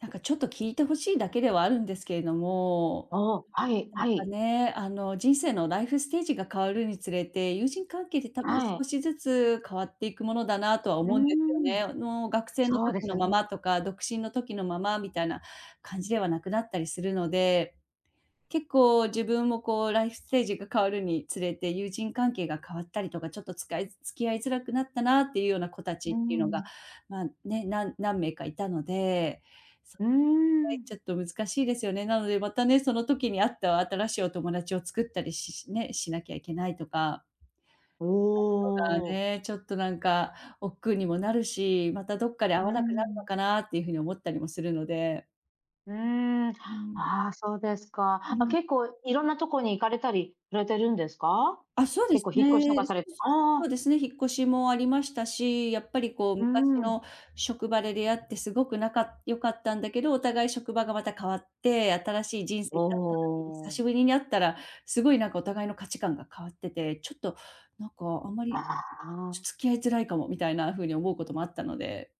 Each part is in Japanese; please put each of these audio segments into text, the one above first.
なんかちょっと聞いて欲しいだけではあるんですけれどあも、あ、はいなんはかい。ね、あの人生のライフステージが変わるにつれて、友人関係って多分はい。少しずつ変わっていくものだなとはうー思うんですよん、ね。あの学生のそうで時すのよままね。とか、独身の時のままみたいな感じではなくなったりするので。結構自分もこう、ライフステージが変わるにつれて、友人関係が変わったりとか、ちょっとつかい付き合いづらくなったなっていうような子たちうっーていうのが、ん。まあ、ね、な何名かいたので。そううーいう場合、ん。ちょっと難しいですよね。なので、またね。その時にあった新しいお友達を作ったりしし、ね、しなきゃいけないとかおなるのがお。ね。ちょっとなんか億劫にもなるし、またどっかで会うわなくなるん。のかなっていうふうに思ったりもするので。うん。あうん。あ、そうですか。うあ、ん。結構いろんなところに行かれたりされてるんですか？あ、そうで結す構引っ越しとかね。そされて。う、そ。あそあ。うですね、引っ越しもありましたし、やっぱりこうう昔ん。の職場で出会ってすごく仲良かったんだけど、お互い職場がまた変わって、新しい人生おになった時に、久お。しぶりに会ったら、すごいなんかお互いの価値観が変わってて、ちょっとなんか、あんまり、ああ。付き合いづらいかもみたいなふうに思うこともあったので。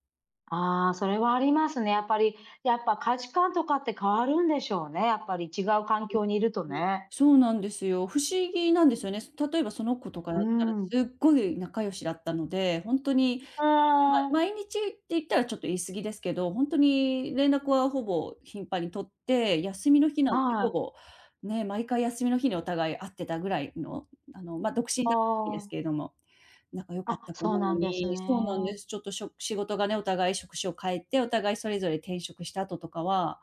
ああ、それはありますね。やっぱり、やっぱ価値観とかって変わるんでしょうね、やっぱり違う環境にいるとう、うん、ね。そうなんですよ。不思議なんですよね。す例えばその子とかだうっーたら、ん。すっごい仲良しだったので、ほんとに、あまあ！毎日って言ったらちょっと言い過ぎですけど、ほんとに連絡はほぼ頻繁に取って、休みの日なんてああほい。ぼ、ね、毎回休みの日にお互い会ってたぐらいの、あの、ま、独身あだった時ですあ。けれども。仲良かっあ、た子そうなのなんですにそうなんでね。す、ちょっとしょ仕事がね、お互い職種を変えて、お互いそれぞれ転職したあととかは、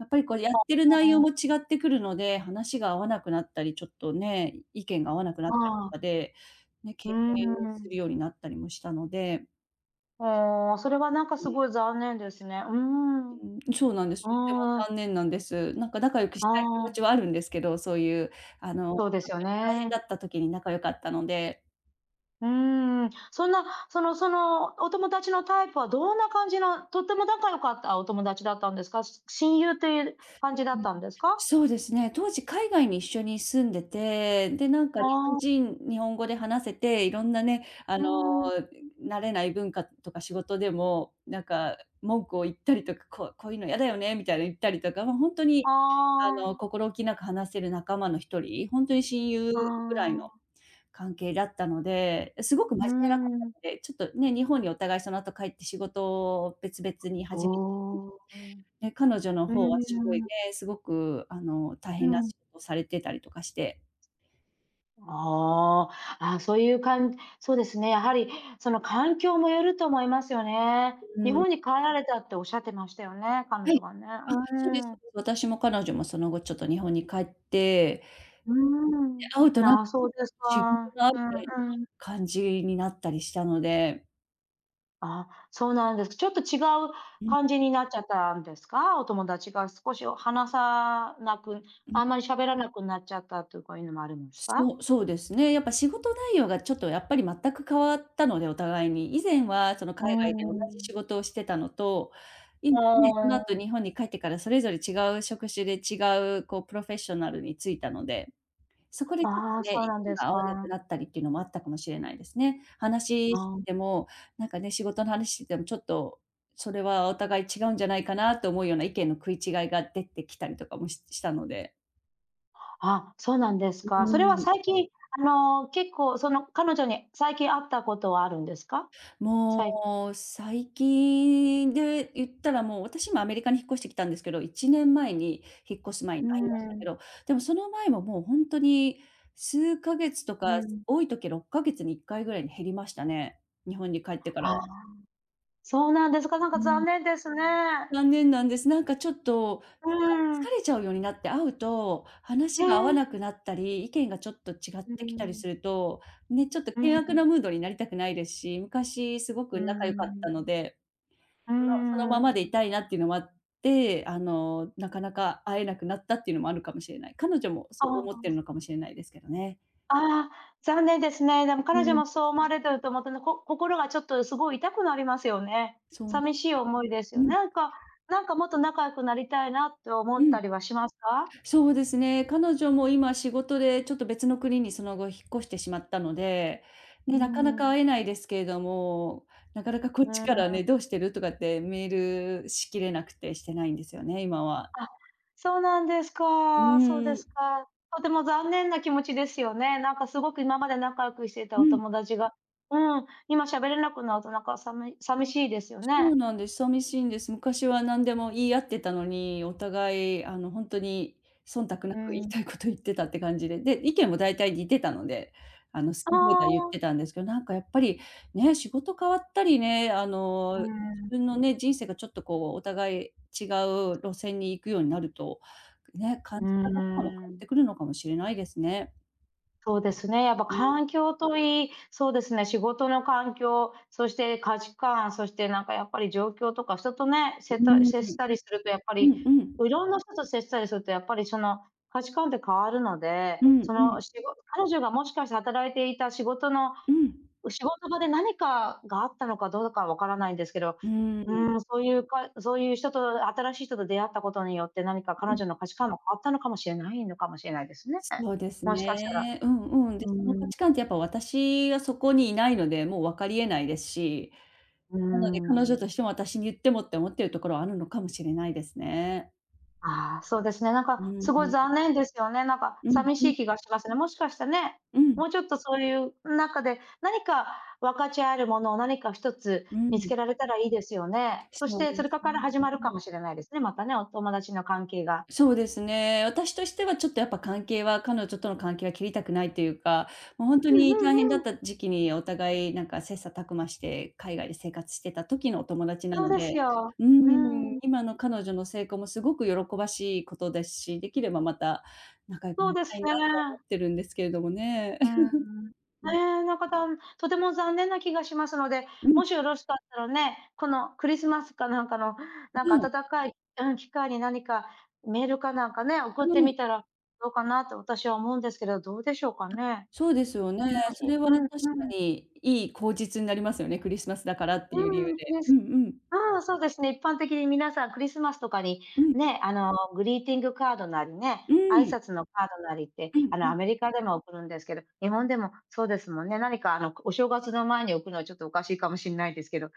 やっぱりこう、やっぱ、てる内ほ容ん。も違ってくるので、話が合わなくなったり、ちょっとね、意見が合わなくなったりとああ。かで、ね、う敬ー遠するん。ようになったりもしたのでおお、あ、それはなんかうすごい残念ですね、うん。ん。うん、そうなんです、とってもああ。残念なんです。なんか仲良くしあたい気持あ。ちはあるんですけど、そういう、あの、とそうですっよて大変だね。った時に仲良かったので。うーん、そんな、そのその、お友達のタイプはどんな感じなとっても仲良かったお友達だったんですか？し親友といえる感じだううっん。たんですか？そうですね、当時海外に一緒に住んでて、で、なんあか日本あ。人、日本語で話せて、いろんなね、あうの、ん。うん、慣れない文化とか仕事でも、なんか文句を言ったりとか「こうこういうのやだよね」みたいな言ったりとか、もうほんとあにあの、あ。心置きなく話せる仲間の一人？ほんとに親友あぐらいのあ。関係だったので、え、すごく真う面目な方ん。で、ちょっとね、日本にお互いそのあと帰って仕事を別々にお始めお、お。で、彼女のうー方はすごいん。ね、すごくあの、大う変なん。しごをされてたりとかしてああ、あ、そういうかんそうですね、やはりその環境もよると思いますよね。う日ん。本に帰られたっておっしゃってましたよね、彼は女い、がね。あ、うそうです、そう、ん。で、私も彼女もその後、ちょっと日本に帰って、うーで、ん、会うとなな、そう です自分か。があううん、うん。感じになったりしたのであ、そうなんです、ちょっと違ううん。感じになっちゃったんですか、お友達が少し、お話さなく、うん。あんまり喋らなくなっちゃったとかいうのもあるんですか？そうそうですね。やっぱ、仕事内容が、ちょっと、やっぱり、全く変わったので、お互いに。以前は、その、うー海外で同じん。仕事をしてたのと、あ今ね、その後あ。日本に帰ってからそれぞれ違う職種で違う、こう、プロフェッショナルに就いたので。そこで、ちょっあと、あ、ね、そう意なん見ですが合わなくか。なったりっていうのもあったかもしれないですね。あ話してあ。ても、なんか、ね、仕事の話しても、ちょっと、それはお互い違うんじゃないかなと思うような意見の食い違いが出てきたりとかも、ししたので。あ、そうなんですうか。それーはん。最近、あの、結構、その、彼女に最近会ったことはあるんですか？さいもう、最近で言ったら、もう、私もアメリカに引っ越してきたんですけど、1年前に引っ越す前うにー会いましたけん。ど、でもその前も、もう、ほんとに数ヶ月とか、うん。多い時は6か月に1回ぐらいに減りましたね。日本に帰ってからああ、は。そうなんですか、なんうかん。残念ですね。残念なんです。なんか、ちょっと、う ー疲ん。れちゃうようになって、会うとえ話が合わえ。なくなったり、意見がちょっと違っうーてきたりん。すると、ね、ちょっとうー険悪ん。なムードになりたくないですし、昔すごうくー仲良かったのん。で、うーその、そのままでいん。たいなっていうのもあって、あの、なかなか会えなくなったっていうのもあるかもしれない。彼女もあそう思ってるあ。のかもしれないですけどね。あ、残念ですね。でもう彼女ん。もそう思われてると思って、こ心がちょっとすごい痛くなりますよね。そうなんよ、寂しい思いですうよ。ん。なんかなんか、もっと仲良くなりたいなって思うったん。りはしますか？そうですね、彼女も今仕事で、ちょっと、別の国にその後引っ越してしまったので、うね、ーなかなかん。会えないですけれども、なかなかこっうちーからね、ん。どうしてる？とかってメールしきれなくて、してないんですよね、今は。あ、そうなんですうか、そうーですん。か。とても残念な気持ちですよね。なんか、すごく今まで仲良くしてたうおん。友達が、うん、今喋れなくなると、なんか、さみ寂しいですよそうね。なんです。寂しいんです。昔は何でも言い合ってたのに、お互い、あの、ほんとに忖度なうく言いん。たいこと言ってたって感じで。で、意見も大体似てたので、あの、あ好き放題言ってあ。たんですけど、なんか、やっぱり、ね、仕事変わったりね、あの、う自ん。分のね、人生が、ちょっと、こう、お互い違う路線に行くようになると、ね、う感ーじ方とかも変わっん。てくるのかもしれないですね。そうですね、やっぱう、ね。環境といい、そうですね、仕事の環境、そして価値観、そしてなんかやっぱり状況とか人とね、せ っうた、ん、接したりするとやっぱうり、ん。こう、いろんな人と接したりするとやっぱりその、価値観って変わるので、うん、そうの、ん。しご彼女がもしかして働いていた仕事のうん。う、仕事場で何かがあったのかどうかわからないんですけど、うーん。うん、そういうかいそういう人と新しい人と出会ったことによって何か彼うん。女の価値観も変わったのかもしれないのかもしれないですねえ、そうですもしかしたら。ね。うんうん。で、うーその価ん。値観ってやっぱ私はそこにいないので、もう分かり得ないですし、うーなので彼女とん。しても、私に言ってもって思ってるところはあるのかもしれないですね。ああ、そうですね、なんうか、ん、すごいん。残念ですよね、なんか、うさん、みしうん。い気がしますね。もしかしたね、うん。もうちょっとそういう、ん、なんかで、何か分かち合えるものを何か1つう見つん。けられたらいいですよね。そしそうなて、んそでれすか、からね、始まるうかん。もしれないですね、またね、お友達の関係が。そうですね、私としてはちょっとやっぱ関係は彼女との関係は切りたくないというか、もうほんとうんに大う変んだうっん。た時期にお互いなんか切磋琢磨して、海外で生活してた時のお友達なそうのですでよ、ううん、ん。今の彼女の成功もすごく喜ばしいことですし、できればまた、仲良くそなうりでたすいなと思ね。ってるんですけれどもね。うん。うん。ええ、なんか、たんとても残念な気がしますので、うん。もしよろしかったらね、この、クリスマスかなんかの、あ、なんかうん。温かいうん、機会に何かメールかなんかね、送っうてん。みたらどうかなと私は思うんですけど、どうでしょうかあ、ね？そうですよね。うん、そいれは、う確んかうん。にいい口実になりますよね、クリスマスだからっていう理う由ん、で。ね。うすんうん。ああ、そうですね、一般的にみなさんクリスマスとかに、うん。ね、あの、グリーティングカードなりうね、挨ん。拶のカードなりって、うん、あうの、ん。アメリカでも送るんですけど、日本でも、そうですもんね、何かあの、こ、お正月の前に送るのはちょっとおかしいかもしんないですけど、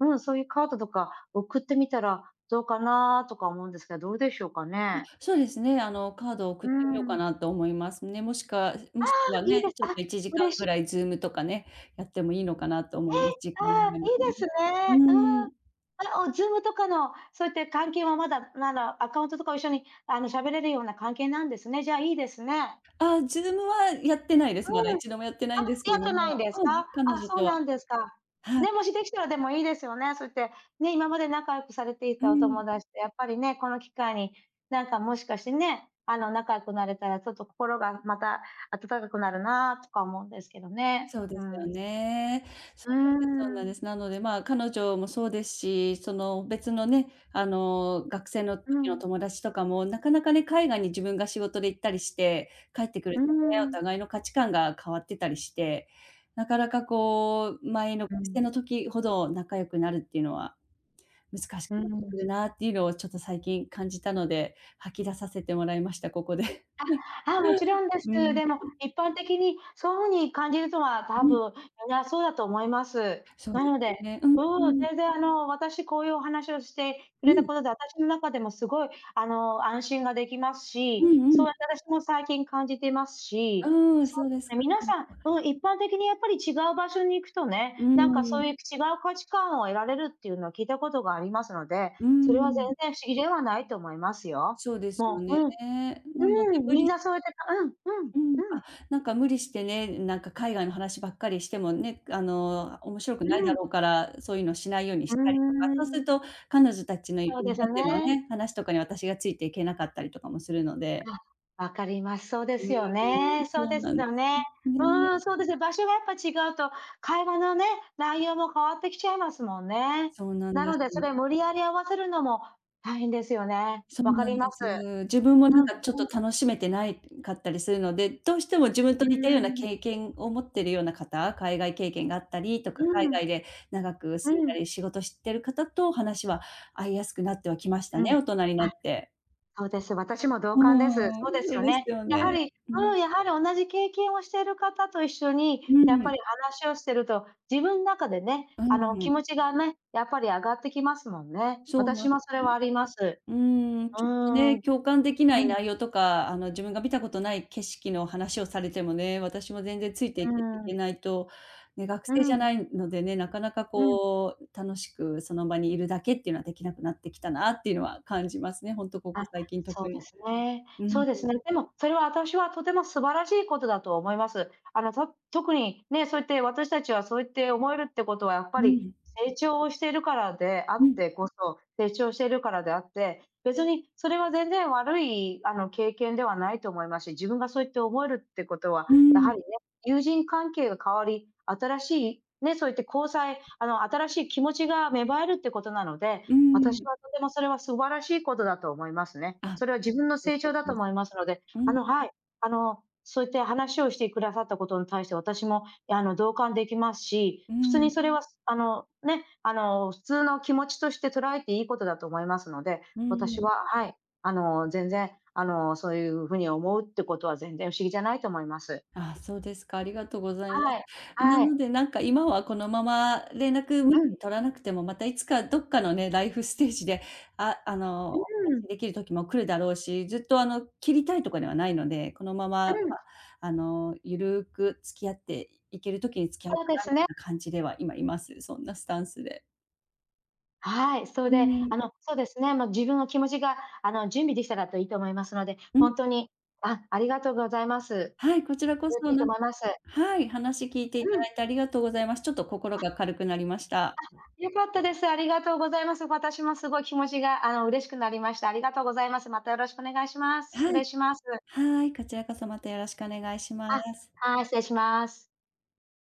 うん、そういうカードとか、送ってみたらどうかなとか思うんですけど、どうでしょうかね？あ、そうですね。あの、カードを送うってみようかん。なと思いますね。もしくはあもあ！しくはいいね、です。ちょっあ、と1時間嬉ぐしらいズームとかね、やってもいいのかなと思え？います。時間がああ、合えばいいでね。すね。ううん。ん。あ、おズームとかの、そういって関係はまだまだアカウントとかを一緒に、あの、喋れるような関係なんですね。じゃ、いいですね。あ、ズームはやってないです、まだういん、ちどもやってなあ！いんですけやれっどてないんもですうか？ん、あ、彼女そうとは。なんですか。はい。ね、もしできたらでもいいですよね、そういって、ね、今まで仲良くされていうたおん。友達とやっぱりね、この機会に、なんかもしかしてね、あの、仲良くなれたらちょっと心が、また、温かくなるなとか思うんですけどね。そうでうすよん。ね。うそーうなんですそうなんでん。す。なので、まあ、彼女もそうですし、その、別のね、あの、学生のう時のん。友達とかも、なかなかね、海外に自分が仕事で行ったりして帰ってくうるーとね、おん。互いの価値観が変わってたりして、なかなかこう、前の学う生ん。の時ほど仲良くなるっていうのは、難しうーくなってくるん。なっていうのをちょっと最近感じたので、吐き出させてもらいました、ここで。あ、あ、もち ろんです。うーでも、ん。一般的に、そう風に感じるとは、多うん。分みんなそうだと思います。そうなでのすで、ね、うん、ううん、ん。全然あの、私こういうお話をしてくうれたん。ことで、あたしの中でもすごい、あの、安心ができますうんし、うそん。う、あたらしも、最近感じてますし、うーん、そうそうでですすね、か。皆なんさん、かうん、一般的にやっぱり違う場所に行くとうね、なんかーそうん。いう、き、違う価値観を得られるっていうのは聞いたことがありますので、うーそれは全ん。然不思議ではないと思いますよ。そうですよもう、ね、うん、なのでうん、無みん理なそうやってたうんうん、うん、うあ、ん。なんか無理してね、なんか海外の話ばっかりしてもね、く、あの、面白くうないだん。ろうから、そういうのしないようにうしたりとか、ーそうするん。と彼女たちの日そうですよ本でのね。ね、話とかに私がついていけなかったりとかもするのであ、分かります。そうでうーすよね、ん、そうそうですなんでよね。す、ね。うん、そうですね、場所がやっぱ違うと、会話のね、内容も変わってきちゃいますもんね。そうなんなでのす。でそれ無理やり合わせるのも、大変ですよね。そうわかなりんまです。す。自分もうなん、んうかちょっとん。楽しめてないかったりするので、どうしても自分とうー似たようなん。経験を持ってるような方、海外経験があったりとか、う海ん。外で長く住んうだん。り、仕事してる方と話は合いやすくなってはきましたうね、ん、大人になあ、って。そうです、私も同う感です。ん、そうですそようですね。よやはね、りううん。ん、やはり同じ経験をしてる方と一緒に、うやっぱりん。話をしてると、自分なかでね、うあの、気ん。持ちがね、やっぱりあがってきますもんね。そうなん私でもそれはす。あります。うーん、うちょっとーん。ね、共感できなういん。内容とか、あの、自分が見たことない景色の話をされてもね、私も全然ついていけいうん。けないと、ね、学う生じゃん。ないのでね、なかなかうん。こう、楽しくその場にいるだけっていうのはできなくなってきたなっていうのは感じますね、ほんとここあ、最近そ特うでに。すね、うん、うそん。うですね。でも、それはあたしは、とても素晴らしいことだと思います。あの、と特に、ね、そうやって、私たちは、そうやって思えるってことはやっぱうり、ん。成長をしてるからであうっん。てこそ成長してるからであって、別にそれは全然悪い、あの、経験ではないと思いますし、自分がそうやって思えるってことは、うーやはん。りね、友人関係が変わり、新しい、ね、そういって交際あの、新しい気持ちが芽生えるってことなので、うーあたしん。はとてもそれは素晴らしいことだと思いますね。あ、それは自分の [unintelligible] 成長だと思いますので、うあのん。はい、あの、そういって話をしてくださったことに対して私も、いやあの、同感できますし、う普通ん。にそれは、す、あの、ね、あの、普通の気持ちとして捉えていいことだと思いますので、う私ん。ははい、あの、全然、あの、そういうふうに思うってことは全然不思議じゃないと思います。ああ、そうですか、ありがとうございまはい、す。なあのい。で、なんか今はこのまま連絡無う理ん。に取らなくても、またいつかどっかのねライフステージで、ああの、うおーん。話できる時も来るだろうし、ずっとあの、切りたいとかではないので、このまま、ま、うん。あの、ゆるく付き合って、いいける時に付き合うそかうでなみすたいね。な感じでは、今、います。そんなスタンスで。はい、そいうで、ん。あのそうですね、あの自分の気持ちが、あの、準備できたらと、いいと思いますので、うん。ほんとにあありがとうございます。はい、こちらこそれでそ、いいとなん思います。はい、話聞いていたうん。だいてありがとうございます。ちょっと心あ。が軽くなりました。あ、良かったです。ありがとうございます。私もすごい気持ちが、あの、嬉しくなりました。ありがとうございます。またよろしくお願いします。失は礼い。します。はい、こちらこそ、またよろしくお願いしまあ、す。はい、失礼します。